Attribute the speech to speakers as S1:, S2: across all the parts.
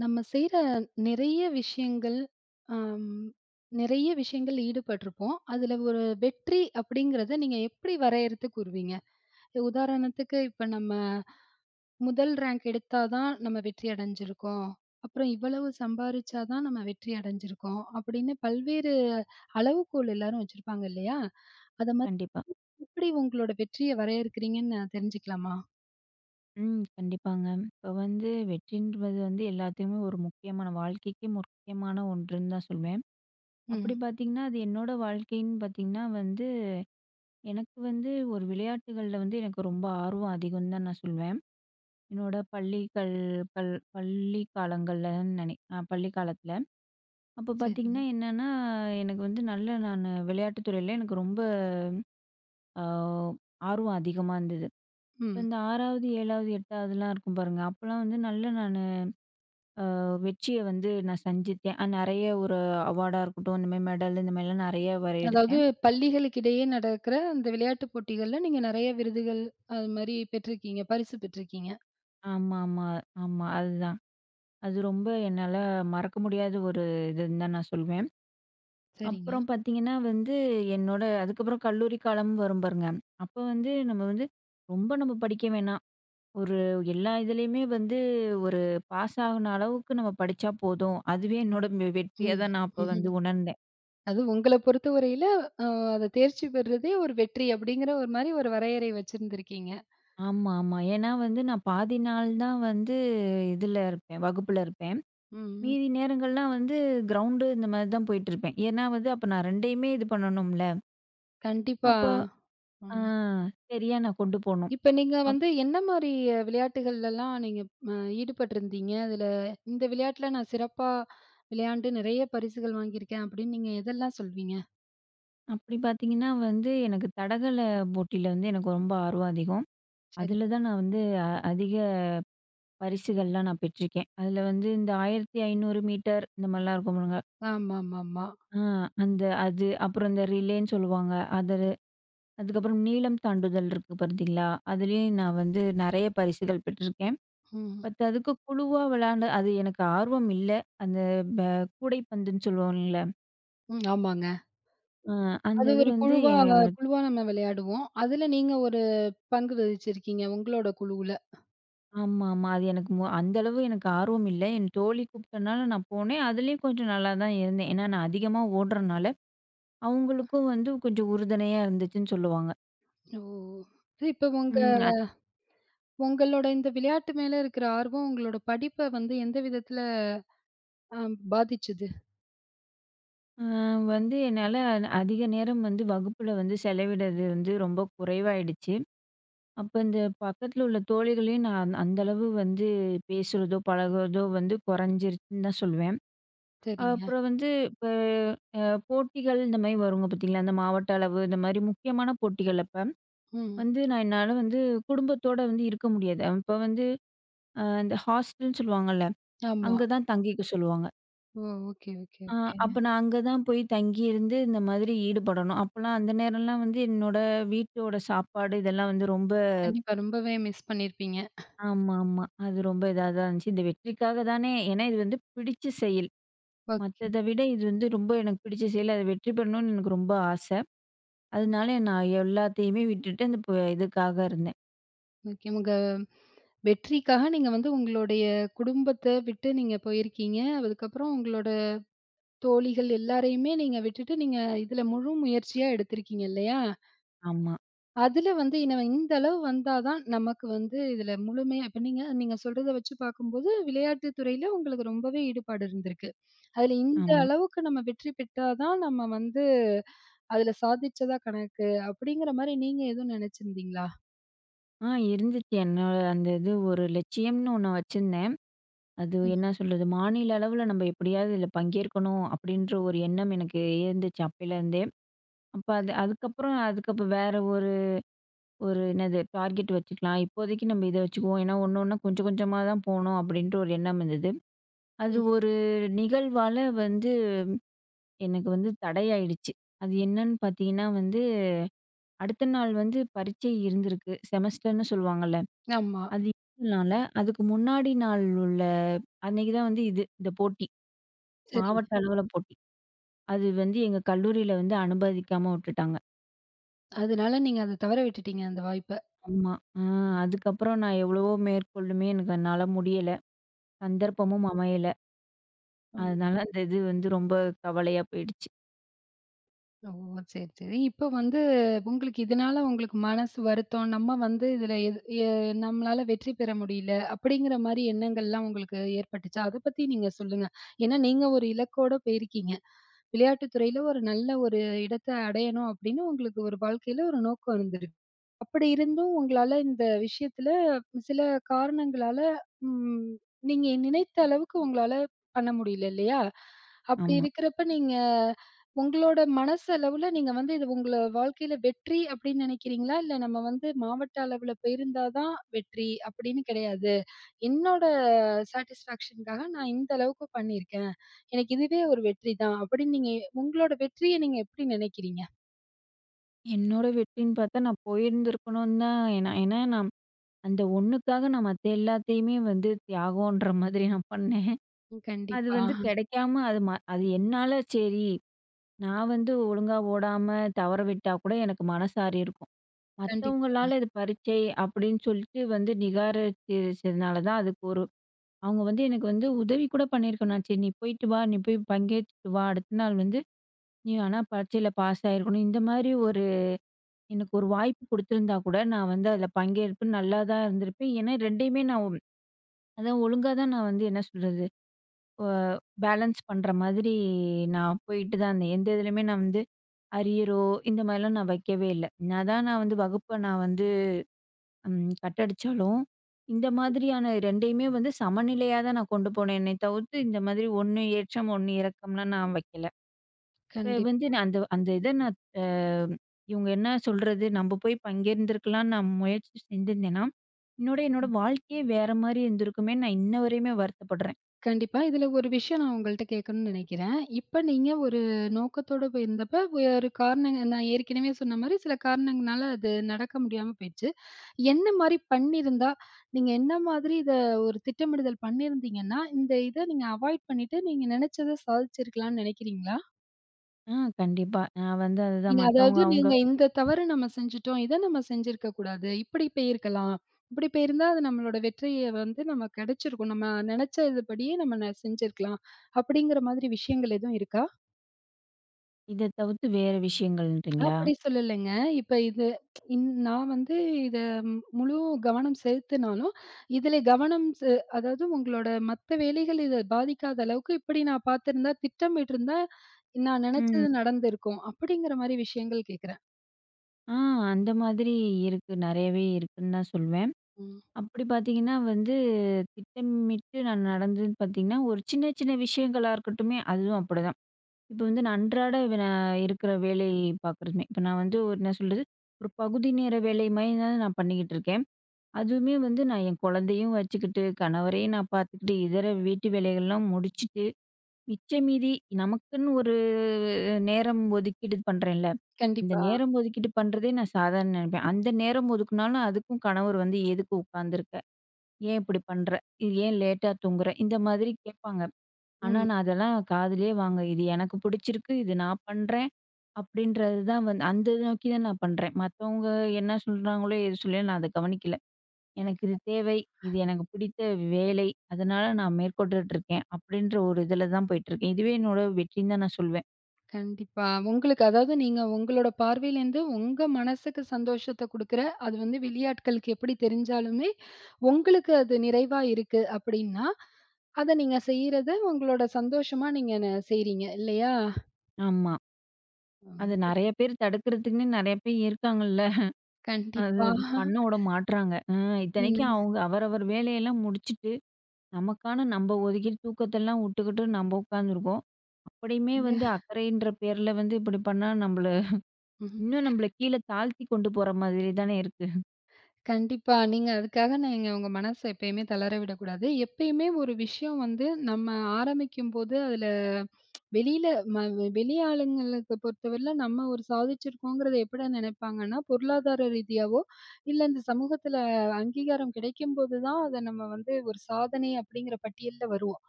S1: நம்ம செய்யிற நிறைய விஷயங்கள் ஆ நிறைய விஷயங்கள் ஈடுபட்டிருப்போம், அதில ஒரு வெற்றி அப்படிங்கிறதை நீங்க எப்படி வரையறுத்து கூறுவீங்க? உதாரணத்துக்கு, இப்ப நம்ம முதல் ரேங்க் எடுத்தா தான் நம்ம வெற்றி அடைஞ்சிருக்கோம், அப்புறம் இவ்வளவு சம்பாரிச்சா தான் நம்ம வெற்றி அடைஞ்சிருக்கோம், அப்படின்னு பல்வேறு அளவுகோல் எல்லாரும் வச்சிருப்பாங்க இல்லையா, அதை மாதிரி
S2: கண்டிப்பா.
S1: எப்பிடி உங்களோட வெற்றியை வரையறுக்கிறீங்கன்னு நான் தெரிஞ்சுக்கலாமா?
S2: ம், கண்டிப்பாங்க, இப்போ வந்து வெற்றிங்கிறது வந்து எல்லாத்துக்குமே ஒரு முக்கியமான வாழ்க்கைக்கே முக்கியமான ஒன்றுன்னு தான் சொல்லுவேன்,
S1: ம்.
S2: அப்படி பார்த்தீங்கன்னா அது என்னோடய வாழ்க்கைன்னு பார்த்தீங்கன்னா வந்து, எனக்கு வந்து, ஒரு விளையாட்டுகள்ல வந்து எனக்கு ரொம்ப ஆர்வம் அதிகம் தான் நான் சொல்லுவேன், என்னோட பள்ளிகள் பள் பள்ளி காலங்கள்லன்னு நினைக் நான் பள்ளி காலத்தில, அப்போ
S1: சரிங்க.
S2: பார்த்தீங்கன்னா, என்னன்னா எனக்கு வந்து நல்ல நானு விளையாட்டு துறையில எனக்கு ரொம்ப ஆ ஆர்வம் அதிகமா இருந்தது, இப்போ
S1: ம்.
S2: இந்த 6வது, 7வது, 8வது லாம் இருக்கும் பாருங்க. அப்போலாம் வந்து நல்ல நானு, ஆ வெற்றியை வந்து நான் சந்தித்தேன், நிறைய ஒரு அவார்டா இருக்கட்டும் இந்த மாதிரி மெடலு இந்த மாதிரிலாம் நிறைய வேற
S1: அதாவது
S2: எடுத்தேன்.
S1: பள்ளிகளுக்கிடையே நடக்கிற அந்த விளையாட்டுப் போட்டிகள்ல, நீங்க நிறைய விருதுகள், அது மாரி பெற்றிருக்கீங்க. பரிசு பெற்றிருக்கீங்க.
S2: ஆமாமா ஆமா அதுதான் அது ரொம்ப என்னால மறக்க முடியாத 1 இதுன்னு தான் நான் சொல்லுவேன்.
S1: சரிங்க.
S2: அப்புறம் பார்த்தீங்கன்னா வந்து, என்னோட அதுக்கப்புறம் கல்லூரி காலம் வரும் பாருங்க. அப்ப வந்து நம்ம வந்து ரொம்ப நம்ம படிக்க வேணாம். 1 எல்லா இதுலையுமே வந்து 1 பாஸ் ஆவுன அளவுக்கு நம்ம படிச்சா போதும். அதுவே என்னோட வெ வெற்றியா
S1: ம்.
S2: தான் நான் அப்ப வந்து உணர்ந்தேன்.
S1: அதுவும் உங்கள பொறுத்தவரையில அ அத தேர்ச்சி பெறதே ஒரு வெற்றி அப்டிங்கிற ஒரு மாரி ஒரு வரையறை வச்சிருந்திருக்கீங்க.
S2: ஆமா, ஆமா. ஏன்னா வந்து நான் பாதி நாள் தான் வந்து இதுல இருப்பேன் வகுப்புல இருப்பேன்.
S1: ம். ம்.
S2: மீதி நேரங்கள்லாம் வந்து கிரௌண்டு இந்த மாரி தான் போயிட்டு இருப்பேன். ஏன்னா வந்து அப்ப நான் 2 இது பண்ணணும்ல.
S1: கண்டிப்பா.
S2: அப்போ அ,
S1: ம்.
S2: சரியா நான் கொண்டு போணும்.
S1: இப்ப நீங்க
S2: அப்
S1: வந்து என்ன மாரி விளையாட்டுகள்லலாம் நீங்க, அ, ஈடுபட்டிருந்தீங்க. அதுல இந்த விளையாட்டில நான் சிறப்பா விளையாண்டு நெறைய பரிசுகள் வாங்கியிருக்கேன் அப்டின்னு நீங்க எதெல்லாம் சொல்வீங்க?
S2: அப்டி பார்த்தீங்கன்னா வந்து, எனக்கு தடகள போட்டில வந்து எனக்கு ரொம்ப ஆர்வம் அதிகம்.
S1: சரிங்க.
S2: அதுல தான் நான் வந்து, அ, அதிக பரிசுகள்லாம் நான் பெற்றுருக்கேன். அதுல வந்து இந்த 1500 மீட்டர் இந்த மாரிலாம் இருக்கும் பாருங்க.
S1: ஆமாமாமா.
S2: ஆ. அந்த அது. அப்புறம் அந்த ரிலேன்னு சொல்லுவாங்க அது, அதுக்கப்புறம் நீளம் தாண்டுதல் இருக்கு பார்த்தீங்களா? அதுலயும் நான் வந்து நெறைய பரிசுகள் பெற்றிருக்கேன்.
S1: ம்.
S2: பட் அதுக்கு குழுவா விளாண்ட அது எனக்கு ஆர்வம் இல்ல. அந்த ப-கூடைப்பந்துன்னு சொல்லுவோம்ல்ல?
S1: ம். ஆமாங்க.
S2: அ
S1: அது
S2: அந்தது
S1: ஒரு
S2: வந்து,
S1: குழுவா
S2: ஏ
S1: அ குழுவா நம்ம விளையாடுவோம். அதுல நீங்க ஒரு பங்கு வகிச்சிருக்கீங்க உங்களோட குழுவுல.
S2: ஆமா மா. அது எனக்கு மொ அந்த அளவு எனக்கு ஆர்வமில்ல. என் தோழி கூப்டனால நான் போனேன். அதிலயும் கொஞ்சம் நல்லா தான் இருந்தேன். ஏன்னா, நான் அதிகமா ஓடுறனால,
S1: அ.
S2: அவுங்களுக்கும் வந்து கொஞ்சம் உறுதுணையா இருந்துச்சுன்னு சொல்லுவாங்க.
S1: ஓ! இப்போ உங்க
S2: ம் அ
S1: உங்களோட இந்த விளையாட்டு மேல இருக்குற ஆர்வம், உங்களோட படிப்ப வந்து எந்த விதத்துல, அம் பாதிச்சது?
S2: அ வந்து என்னால அன அதிக நேரம் வந்து வகுப்புல வந்து செலவிடறது வந்து ரொம்ப குறைவாயிடுச்சு. அப்ப இந்த பக்கத்துல உள்ள தோழிகளையும், நான் அந்த அளவு வந்து பேசுறதோ, பழகுறதோ வந்து குறைஞ்சிருச்சுன்னுதான் சொல்வேன்.
S1: சரிங்க.
S2: அப்புறம் வந்து, இப்ப அ போட்டிகள் இந்த மாரி வரும் வருங்க பாத்தீங்களா? இந்த மாவட்ட அளவு, இந்த மாரி முக்கியமான போட்டிகள் அப்ப,
S1: ம்.
S2: வந்து நான் என்னால வந்து குடும்பத்தோட வந்து இருக்க முடியாது. அப்ப வந்து அ இந்த ஹாஸ்டல்னு சொல்லுவாங்கள்ல.
S1: ஆமா.
S2: அங்க தான் தங்கிக்க சொல்லுவாங்க.
S1: ஓ! Okay okay
S2: uh
S1: okay.
S2: அப்ப நான் அங்க தான் போயி தங்கியிருந்து, இந்த மாதிரி ஈடுபடணும். அப்பலாம் அந்த நேரலாம் வந்து என்னோட வீட்டோட சாப்பாடு இதெல்லாம் வந்து ரொம்ப
S1: கண்டிப்பா. ரொம்பவே மிஸ் பண்ணிருப்பீங்க
S2: ஆமாமா. அது ரொம்ப இதா தான் இருந்துச்சு. இந்த வெற்றிக்காக தானே ஏன்னா இது வந்து பிடிச்ச செயல்.
S1: ஓகே.
S2: மத்தத விட இது வந்து ரொம்ப எனக்கு பிடிச்ச செயல். அதுல வெற்றி பெறணுண்னு எனக்கு ரொம்ப ஆச. அதுனால நான் எல்லாத்தையுமே விட்டுட்டு அந்த ப இதுக்காக இருந்தேன்.
S1: ஓகே. உங்க வெற்றிக்காக நீங்க வந்து உங்களுடைய குடும்பத்த விட்டு நீங்க போயிருக்கீங்க. அதுக்கப்புறம் உங்களோட தோழிகள் எல்லோரையுமே நீங்க விட்டுட்டு, நீங்க இதுல முழு முயற்சியா எடுத்திருக்கீங்க இல்லயா?
S2: ஆமா.
S1: அதுல வந்து இனவ இந்த அளவு வந்தா தான் நமக்கு வந்து இதுல முழுமையா இப்ப நீங்க நீங்க சொல்லுறத வச்சு பாக்கும்போது, விளையாட்டு துறையில உங்களுக்கு ரொம்பவே ஈடுபாடு இருந்திருக்கு. அதுல இந்த
S2: ஆமா.
S1: அளவுக்கு நம்ப வெற்றி பெற்றா தான் நம்ப வந்து அதுல சாதிச்சதா கணக்கு, அப்டீங்குற மாதிரி நீங்க எதுவும் நினைச்சிருந்தீங்களா?
S2: ஆ இருந்துச்சு. என்ன, அந்த இது ஒரு லட்சியம்னு ஒண்ணு வச்சிருந்தேன். அது
S1: ம்.
S2: என்ன சொல்றது, மாநில அளவுல நம்ப எப்படியாவது இதுல பங்கேற்கணும் அப்டீன்ற ஒரு எண்ணம் எனக்கு இருந்துச்சு. அப்பயலேருந்தே, அப்ப அது அதுக்கப்புறம், அதுக்கப்புறம் வேற ஒரு, ஒரு என்னது டார்கெட் வச்சுக்கலாம். இப்போதைக்கு நம்ப இத வச்சுக்குவோம். ஏன்னா, ஒண்ணு, ஒண்ணா, கொஞ்சம் கொஞ்சமா தான் போணும் அப்டீன்ற ஒரு எண்ணம் இருந்தது. அது
S1: ம்.
S2: ஒரு நிகழ்வால வந்து எனக்கு வந்து தடையாயிடுச்சு. அது என்னன்னு பாத்தீங்கன்னா, வந்து அடுத்த நாள் வந்து பரீட்சை இருந்திருக்கு, செமஸ்டர்னு சொல்லுவாங்கல்ல,
S1: ஆமா.
S2: அது இருந்தனால, அதுக்கு முன்னாடி நாள் உள்ள அன்னைக்கு தான் வந்து இது, இந்த போட்டி.
S1: சரிங்க.
S2: மாவட்ட அளவுல போட்டி, அது வந்து எங்க கல்லூரியில வந்து அனுமதிக்காம விட்டுட்டாங்க.
S1: அதனால நீங்க அதை தவற விட்டுட்டிங்க, அந்த வாய்ப்ப.
S2: ஆமா. அ அதுக்கப்புறம் நான் எவ்வளவோ மேற்கொண்டுமே எனக்கு என்னால முடியல, சந்தர்ப்பமும் அமையல.
S1: ம்.
S2: அதனால அந்த இது வந்து ரொம்ப கவலையா போயிடுச்சு.
S1: ஓ சரி, சரி. இப்போ வந்து, உங்களுக்கு இதனால உங்களுக்கு மனசு வருத்தம், "நம்ம வந்து இதில எது எ நம்மளால வெற்றி பெற முடியல" அப்படிங்கிற மாரி எண்ணங்கள்லாம் உங்களுக்கு ஏற்பட்டுச்சா? அதை பத்தி நீங்க சொல்லுங்க, ஏன்னா, நீங்க ஒரு இலக்கோடு போயிருக்கீங்க, விளையாட்டுத் துறையில ஒரு நல்ல ஒரு இடத்தை அடையணும், அப்படின்னு உங்களுக்கு ஒரு வாழ்க்கையில ஒரு நோக்கம் இருந்தது, அப்படி இருந்தும், உங்களால இந்த விஷயத்தில, சில காரணங்களால, ம் நீங்க நினைத்த அளவுக்கு உங்களால பண்ண முடியல இல்லையா? அப்படி
S2: ஆமா.
S1: இருக்கிறப்போ, நீங்க, உங்களோட மனசளவில நீங்க வந்து, இது உங்க வாழ்க்கையில வெற்றி அப்படின்னு நினைக்கிறீங்களா? இல்லை "நம்ம வந்து மாவட்ட அளவில போயிருந்தா தான் வெற்றி" அப்படின்னு கிடையாது. "என்னோட சாட்டிஸ்ஃபேக்ஷனுக்காக நான் இந்த அளவுக்கு பண்ணியிருக்கேன், எனக்கு இதுவே ஒரு வெற்றிதான்" அப்படின்னு நீங்க எ உங்களோட வெற்றியை நீங்க எப்படி நெனைக்கிறீங்க?
S2: என்னோட வெற்றின்னு பார்த்தா நான் போயிருந்துருக்கணும்னு தான், ஏன்னா, என் நான் அந்த ஒண்ணுக்காக நான் மத்த எல்லாத்தையுமே வந்து தியாகம்ன்ற மாதிரி நான் பண்ணேன். அது
S1: கண்டிப்பா.
S2: வந்து கெடைக்காம, அது ம அது என்னால "சேரி, நான் வந்து ஒழுங்கா ஓடாம தவற விட்டா கூட எனக்கு மனசாரியிருக்கும்"
S1: கண்டிப்பா.
S2: மத்தவங்களால "இது பரீட்சை" அப்படின்னு சொல்லிட்டு வந்து நிராகரிச்சதுனால தான், அதுக்கு ஒரு அவங்க வந்து எனக்கு வந்து உதவி கூட பண்ணியிருக்க வேணாம், "நான் சரி, நீ போய்ட்டு வா. நீ போய் பங்கேத்திட்டு வா. அடுத்த நாள் வந்து நீ வேணா பரீட்சையில பாஸ் ஆயிருக்கணும்" இந்தமாரி ஒரு எனக்கு ஒரு வாய்ப்பு கொடுத்துருந்தா கூட நான் வந்து அதில பங்கேற்று நல்லாதான் இருந்திருப்பேன், ஏன்னா, ரெண்டையுமே நான் அதான் ஒழுங்கா தான் நான் வந்து என்ன சொல்றது, ஆ பேலன்ஸ் பண்ற மாதிரி நான் போயிட்டு தான் இருந்தேன், எந்த இதுலயுமே நான் வந்து அரியரோ, இந்த மாரிலாம் நான் வைக்கவே இல்லை, நான் தான் நான் வந்து வகுப்பை நான் வந்து, ம், கட் அடிச்சாலும் இந்த மாதிரியான ரெண்டையுமே வந்து சமநிலையா தான் நான் கொண்டு போனேன்னே தவிர்த்து, இந்த மாரி ஒண்ணு ஏற்றம், ஒண்ணு இறக்கம்லாம் நான் வைக்கல, இப்போ வந்து
S1: கண்டிப்பா.
S2: நான் அந்த அந்த இதை நான் ஆ "இவங்க என்ன சொல்றது? நம்ப போய் பங்கேத்திருக்கலாம்ன்னு நான் முயற்சி செஞ்சிருந்தேன்னா, என்னோட என்னோட
S1: ம்.
S2: வாழ்க்கையே வேற மாரி இருந்திருக்குமேன்னு நான் இன்ன வரையுமே வருத்தப்படுறேன்.
S1: கண்டிப்பா, இதில ஒரு விஷயம் நான் உங்கள்ட்ட கேட்கணும்னு நினைக்கிறேன், இப்ப நீங்க ஒரு நோக்கத்தோட போய்ருந்தப்போ, வேறு காரணங்கள் நான் ஏற்கனவே சொன்ன மாரி சில காரணங்களால, அது நடக்க முடியாம போயிருச்சு. என்ன மாரி பண்ணியிருந்தா, நீங்க என்ன மாதிரி இதை ஒரு திட்டமிடுதல் பண்ணியிருந்தீங்கன்னா, இந்த இதை நீங்க அவாய்ட் பண்ணிட்டு நீங்க நெனைச்சதை சாதிச்சுருக்கலாம்ன்னு நெனைக்கிறீங்களா?
S2: ம். கண்டிப்பா. நான் வந்து அதுதான்
S1: நீங்க அதாவது,
S2: மத்தவங்க அவங்க,
S1: நீங்க இந்த தவறு நம்ம செஞ்சுட்டோம். இத நம்ம செஞ்சிருக்கக்கூடாது. இப்டி போயிருக்கலாம் இப்டி போயிருந்தா அது நம்மளோட வெற்றிய வந்து, நமக்கு கெடைச்சிருக்கும். நம்ம நெனைச்சது படியே நம்ம செஞ்சிருக்கலாம் அப்டிங்குற மாரி விஷயங்கள் எதுவும் இருக்கா?
S2: இத தவிர்த்து வேற விஷயங்கள்றீங்களா?
S1: அப்டி சொல்லலங்க. இப்ப இத, இன் நான் வந்து இத முழு கவனம் செலுத்தினாலும், இதுல கவனம் செ அதாவது உங்களோட மத்த வேலைகள் இத பாதிக்காத அளவுக்கு இப்டி நான் பாதுருந்தா, திட்டமிட்டிருந்தா, நான்
S2: ம்.
S1: நெனைச்சது நடந்திருக்கும் அப்டிங்குற மாரி விஷயங்கள் கேட்குறேன்.
S2: அ. அந்த மாதிரி இருக்கு. நெறையவே இருக்குன்னு தான் சொல்லுவேன்.
S1: ம்.
S2: அப்டி பாத்தீங்கன்னா வந்து, திட்டமிட்டு நான் நடந்ததுன்னு பாத்தீங்கன்னா, ஒரு சின்ன, சின்ன விஷயங்களா இருக்கட்டுமே அதுவும் அப்டிதான். இப்ப வந்து, நான் அன்றாட, அ, இருக்குற வேலை பாக்கறதுமே, இப்ப நான் வந்து ஒரு என்ன சொல்றது, ஒரு பகுதி நேர வேலை மாரி தான் நான் பண்ணிட்டு இருக்கேன். அதுவுமே வந்து, நான் என் குழந்தையும் வச்சுக்கிட்டு, கணவரையும் நான் பாத்துக்கிட்டு, இதர வீட்டு வேலைகள்லாம் முடிச்சுட்டு, மிச்சம் மீதி நமக்குன்னு ஒரு நேரம் ஒதுக்கீடு பண்ணுறேன்ல. இந்த
S1: கண்டிப்பா.
S2: நேரம் ஒதுக்கீடு பண்ணுறதே, நான் சாதாரணம் நெனைப்பேன். அந்த நேரம் ஒதுக்குனாலும் அதுக்கும் கணவர் வந்து, "எதுக்கு உட்காந்துருக்க? ஏன் இப்டி பண்ற? இது ஏன் லேட்டா தூங்குற?", இந்த மாதிரி கேட்பாங்க. ஆனா
S1: ம்.
S2: நான் அதெல்லாம் காதுலயே வாங்கல "இது எனக்கு புடிச்சிருக்கு. இது நான் பண்றேன்", அப்டின்றது தான் வந்து, அந்த நோக்கி தான் நான் பண்றேன். மத்தவங்க என்ன சொல்றாங்களோ? ஏது சொல்லயோ, நான் அத கவனிக்கல. "எனக்கு இது தேவை, இது
S1: [unintelligible]
S2: எனக்கு பிடித்த வேலை." அதனால, நான் மேற்கொண்டுட்டுருக்கேன். அப்டின்ற ஒரு இதுல தான் போயிட்டுருக்கேன். இதுவே என்னோட வெற்றின்னு தான் நான் சொல்வேன்.
S1: கண்டிப்பா. உங்களுக்கு அதாவது, நீங்க உங்களோட பார்வையிலிருந்து உங்க மனசுக்கு சந்தோஷத்தை குடுக்குற, அது வந்து வெளியாட்களுக்கு எப்படி தெரிஞ்சாலுமே, உங்களுக்கு அது நிறைவா இருக்கு அப்படின்னா, அத நீங்க செய்றது, உங்களோட சந்தோஷமா நீங்க செய்றீங்க இல்லையா?
S2: ஆமா. அது
S1: [unintelligible]
S2: நெறய பேர் தடுக்கிறதுக்குன்னே, நெறய பேர் இருக்காங்கல்ல. அது
S1: கண்டிப்பா.
S2: அது பண்ண விட மாட்றாங்க. ம் இத்தனைக்கு
S1: ம்.
S2: அவங்க அவரவர் வேலையெல்லாம் முடிச்சுட்டு, நமக்கான நம்ம ஒதுக்கிட்டு தூக்கத்தெல்லாம் விட்டுக்கிட்டு, நம்ம உட்காந்துருக்கோம். அப்படியுமே
S1: அந்த.
S2: வந்து அக்கறைன்ற பேர்ல வந்து, இப்படி பண்ணா நம்மள,
S1: ம்ஹ்ம்.
S2: இன்னும் நம்மள, கீழ தாழ்த்திக் கொண்டு போற மாரி தானே, இருக்கு.
S1: கண்டிப்பா. நீங்க அதுக்காக, நீங்க உங்க மனச எப்பயுமே தளர விடக்கூடாது. எப்பயுமே ஒரு விஷயம் வந்து, நம்ம ஆரம்பிக்கும்போது அதில வெளியில வெளி ஆளுங்களுக்கு பொறுத்தவரையில நம்ம ஒரு சாதிச்சிருக்கோங்கிறத, எப்படிடா நினைப்பாங்கன்னா, பொருளாதார ரீதியாவோ, இல்ல இந்த சமூகத்தில அங்கீகாரம் கிடைக்கும்போதுதான், அத நம்ம வந்து ஒரு சாதனை அப்படிங்கிற பட்டியல்ல வருவோம்.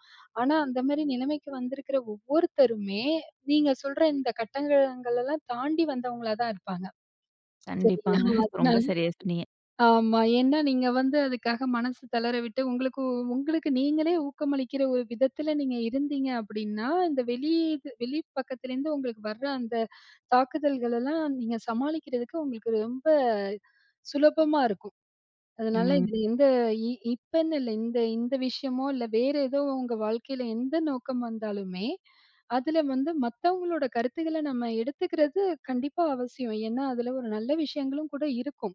S1: ஆனா, அந்த மாரி நிலமைக்கு வந்திருக்கிற ஒவ்வொருத்தருமே, நீங்க சொல்ற இந்த கட்டங்களெல்லாம் தாண்டி, வந்தவங்களா தான் இருப்பாங்க. சரி
S2: கண்டிப்பாங்க.
S1: ஆனா
S2: ரொம்ப
S1: அதனால,
S2: சரியா, சொன்னீங்க.
S1: ஆமா. ஏன்னா நீங்க வந்து அதுக்காக மனசு தளர விட்டு, உங்களுக்கு உங்களுக்கு நீங்களே ஊக்கமளிக்கிற ஒரு விதத்தில, நீங்க இருந்தீங்க அப்படின்னா, இந்த வெளி வெளி பக்கத்திலேருந்து உங்களுக்கு வற்ர அந்த தாக்குதல்களெல்லாம், நீங்க சமாளிக்கிறதுக்கு உங்களுக்கு ரொம்ப சுலபமா இருக்கும். அதுனால,
S2: ம்.
S1: இதில எந்த இப்பன்னு இல்ல, இந்த இந்த விஷயமோ இல்ல, வேற ஏதோ உங்க வாழ்க்கையில எந்த நோக்கம் வந்தாலுமே, அதில வந்து மத்தவங்களோட கருத்துக்களை நம்ம எடுத்துக்கிறது, கண்டிப்பா அவசியம். ஏன்னா, அதில ஒரு நல்ல விஷயங்களும் கூட இருக்கும்.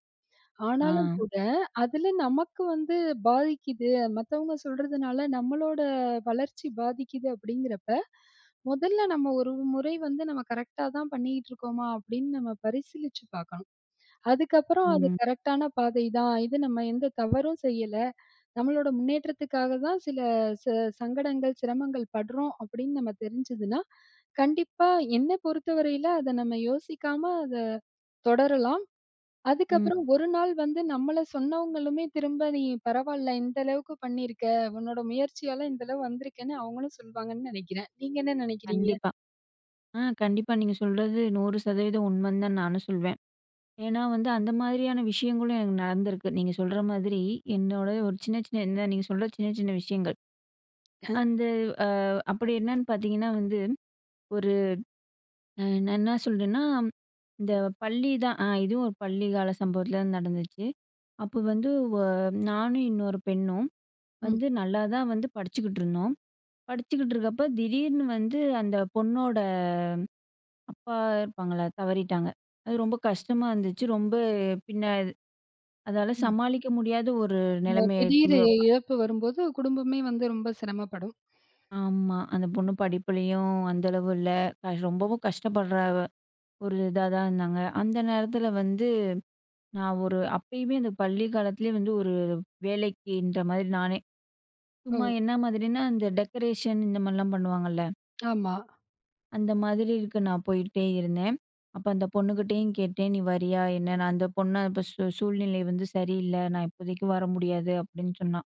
S1: ஆனாலும்
S2: ஆ.
S1: கூட, அதில நமக்கு வந்து பாதிக்குது. மத்தவங்க சொல்றதுனால நம்மளோட வளர்ச்சி பாதிக்குது அப்படிங்கிறப்ப, மொதல்ல நம்ம ஒரு முறை வந்து நம்ம கரெக்ட்டாதான் பண்ணிகிட்டு இருக்கோமா, அப்படின்னு நம்ம பரிசீலிச்சு பாக்கணும். அதுக்கப்புறம், அது
S2: ம்.
S1: கரெக்டான பாதை தான். இது நம்ம எந்த தவறும் செய்யல. நம்மளோட முன்னேற்றத்துக்காக தான் சில சங்கடங்கள், சிரமங்கள் படுறோம். அப்படின்னு நமக்கு தெரிஞ்சுதுன்னா, கண்டிப்பா என்னை பொறுத்தவரையில, அத நம்ம யோசிக்காம அத தொடரலாம்.
S2: ம்.
S1: அதுக்கப்புறம், ஒரு நாள் வந்து நம்மள சொன்னவங்களுமே திரும்ப நீ பரவால்ல, இந்த அளவுக்கு பண்ணிருக்க. உன்னோட முயற்சியால இந்த அளவு வந்திருக்கேன்னு அவங்களும் சொல்வாங்கன்னு நினைக்கிறேன். நீங்க என்ன நினைக்கிறீங்க?
S2: கண்டிப்பா. ஆ, கண்டிப்பா. நீங்க சொல்றது 100% உண்மைன்னு தான் நானும் சொல்வேன். ஏன்னா வந்து அந்த மாரியான விஷயங்களும் எனக்கு நடந்திருக்கு. நீங்க சொல்ற மாதிரி, என்னோட ஒரு சின்ன சின்ன இந்த நீங்க சொல்ற சின்ன சின்ன விஷயங்கள். அந்த, அ அப்படி என்னன்னு பார்த்தீங்கன்னா வந்து ஒரு நான் என்ன சொல்றேன்னா, இந்த பள்ளிதான் இதுவும் ஒரு பள்ளி கால சம்பவத்தில நடந்துச்சு. அப்ப வந்து நானும் இன்னொரு பெண்ணும்,
S1: ம்.
S2: வந்து நல்லா தான் வந்து படிச்சுக்கிட்டுருந்தோம். படிச்சுக்கிட்டு இருக்கப்ப திடீர்னு வந்து அந்த பொண்ணோட அப்பா இருப்பாங்கள, தவறிட்டாங்க. அது ரொம்ப கஷ்டமா இருந்துச்சு. ரொம்ப பின்ன அதால
S1: ம்.
S2: சமாளிக்க முடியாத ஒரு
S1: ஓ!
S2: நெலம.
S1: திடீர்
S2: [unintelligible]
S1: இழப்பு வரும்போது, குடும்பமே வந்து ரொம்ப சிரமப்படும்.
S2: ஆமா. அந்த பொண்ணு படிப்புலயும் அந்த அளவு இல்ல. ரொம்பவும் கஷ்டப்படுற, ஒரு இதாதான் இருந்தாங்க. அந்த நேரத்தில வந்து, நான் ஒரு அப்பயுமே, அந்த பள்ளி காலத்திலேயே வந்து ஒரு வேலைக்கின்ற மாரி நானே,
S1: ஓ.
S2: சும்மா என்ன மாதிரின்னா? இந்த டெக்கரேஷன் இந்த மாரிலா பண்ணுவாங்கள்ல.
S1: ஆமா.
S2: அந்த மாதிரி இருக்கு, நான் போயிக்கிட்டே இருந்தேன். அப்ப அந்த பொண்ணுகிட்டயும் கேட்டேன், நீ வரியா என்னன்னு அந்த பொண்ணு, அப்ப சூ “சூழ்நிலை வந்து சரியில்ல, நான் இப்போதைக்கு வர முடியாது” அப்டின்னு சொன்னா.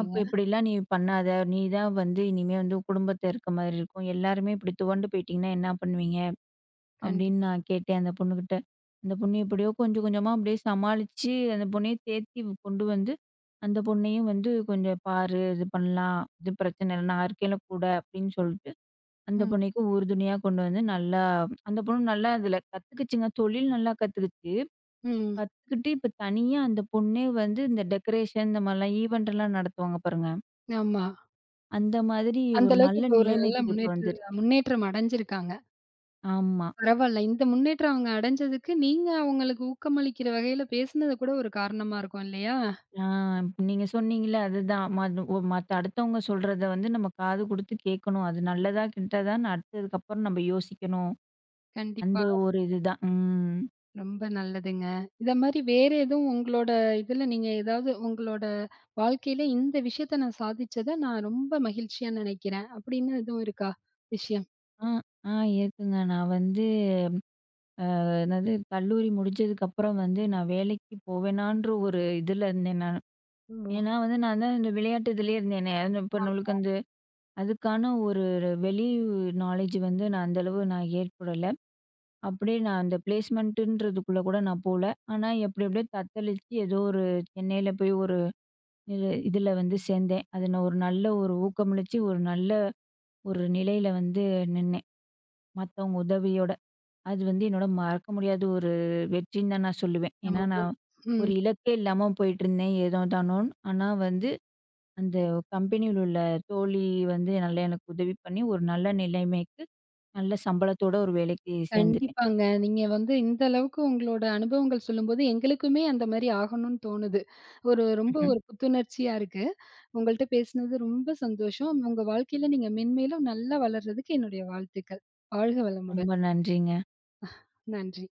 S2: அப்போ “இப்படிலாம் நீ பண்ணாத, நீ தான் வந்து இனிமே வந்து உன் குடும்பத்தில இருக்க மாரி இருக்கும். எல்லாருமே இப்படி துவண்டு போயிட்டிங்கன்னா என்னா பண்ணுவீங்க?”
S1: கண்டிப்பா.
S2: அப்டின்னு நான் கேட்டேன் அந்த பொண்ணுகிட்ட. அந்த பொண்ணு எப்படியோ கொஞ்சம் கொஞ்சமா அப்டியே சமாளிச்சு, அந்த பொண்ணையே தேத்தி கொண்டு வந்து, அந்த பொண்ணையும் வந்து "கொஞ்சம் பாரு, இது பண்ணலாம், இது பிரச்சனை இல்ல, நான் இருக்கேன்ல கூட” அப்டின்னு சொல்லிட்டு அந்த
S1: ம்.
S2: பொண்ணுக்கும் உறுதுணையா கொண்டு வந்து நல்லா அந்த பொண்ணு நல்லா அதில கத்துக்கிச்சுங்க, தொழில் நல்லா கத்துக்கிச்சு.
S1: ம்.
S2: கத்துக்கிட்டு, இப்போ தனியா அந்த பொண்ணே வந்து இந்த டெக்கரேஷன் இந்த மாரிலாம் ஈவெண்ட்லாம் நடத்துவாங்க, பாருங்க.
S1: ஆமா.
S2: அந்த மாதிரி
S1: அந்த
S2: ஒரு
S1: அளவுக்கு
S2: நல்ல
S1: இப்போ 1 நல்ல
S2: நிலைமைக்கு இப்ப
S1: முன்னேற்று
S2: வந்துருச்சு.
S1: முன்னேற்றம் அடைஞ்சிருக்காங்க.
S2: ஆமா.
S1: பரவால்ல, இந்த முன்னேற்றம் அவங்க அடைஞ்சதுக்கு, நீங்க அவங்களுக்கு ஊக்கமளிக்கிற வகையில பேசினது கூட ஒரு காரணமா இருக்கும் இல்லையா?
S2: ஆ நீங்க சொன்னிங்கள்ல, அதுதான். ம ஒ மத் அடுத்தவங்க சொல்றத வந்து நம்ம காது குடுத்து கேக்கணும், அது நல்லதா கெட்டதான்னு அடுத்ததுக்கப்புறம் நம்ப யோசிக்கணும் அந்த
S1: கண்டிப்பா.
S2: ஒரு இதுதான். ம்.
S1: ரொம்ப நல்லதுங்க. இந்த மாரி வேற எதுவும் உங்களோட இதுல, நீங்க ஏதாவது உங்களோட வாழ்க்கையில, இந்த விஷயத்தை நான் சாதிச்சத நான் ரொம்ப மகிழ்ச்சியா நினைக்கிறேன், அப்படின்னு எதுவும் இருக்கா? விஷயம்.
S2: அ, அ இருக்குங்க. நான் வந்து, அ, என்னது, கல்லூரி முடிஞ்சதுக்கப்பறம் வந்து, நான் வேலைக்கு போவேனான்ற ஒரு இதுல இருந்தேன் நானு.
S1: ம். ஓ.
S2: ஏன்னா, வந்து நான் தான் இந்த விளையாட்டு இதுலேயே இருந்தேனே, அது இப்ப நம்மளுக்கு
S1: ஆமா.
S2: வந்து, அதுக்கான ஒரு வெளி, உ நாலேட்ஜ் வந்து, நான் அந்த அளவு நான் ஏற்படல. அப்டியே நான் அந்த ப்ளேஸ்மெண்ட்ன்றதுக்குள்ள கூட நான் போகல. ஆனா, எப்டி எப்டியோ தத்தளிச்சு ஏதோ ஒரு, சென்னையில போய் ஒரு, இது இதுல வந்து சேந்தேன். அதுல ஒரு நல்ல ஒரு ஊக்கமளிச்சி, ஒரு நல்ல ஒரு நிலையில வந்து நின்னேன், மத்தவங்க உதவியோட. அது வந்து என்னோட மறக்க முடியாத, ஒரு வெற்றின்னு தான் நான் சொல்லுவேன். ஏன்னா,
S1: [unintelligible] ஓ,
S2: நான்
S1: ம்.
S2: ஒரு இலக்கே இல்லாம போயிட்டிருந்தேன். ஏனோ தானோன்னு ஆனா, வந்து அந்த கம்பெனியில உள்ள தோழி வந்து, நல்லா எனக்கு உதவி பண்ணி, ஒரு நல்ல நிலைமைக்கு நல்ல சம்பளத்தோட ஒரு வேலைக்கு சேந்துட்டேன்.
S1: கண்டிப்பாங்க. நீங்க வந்து இந்த அளவுக்கு உங்களோட அனுபவங்கள் சொல்லும்போது, எங்களுக்குமே அந்த மாரி ஆகணும்னு தோணுது. ஒரு, ரொம்ப
S2: ம்.
S1: ஒரு புத்துணர்ச்சியா இருக்கு. உங்கள்ட்ட பேசுனது ரொம்ப சந்தோஷம். உங்க வாழ்க்கையில நீங்க மேன்மேலும் நல்லா வளர்றதுக்கு என்னுடைய வாழ்த்துக்கள். வாழ்க வளமுடன்.
S2: ரொம்ப நன்றிங்க.
S1: நன்றி.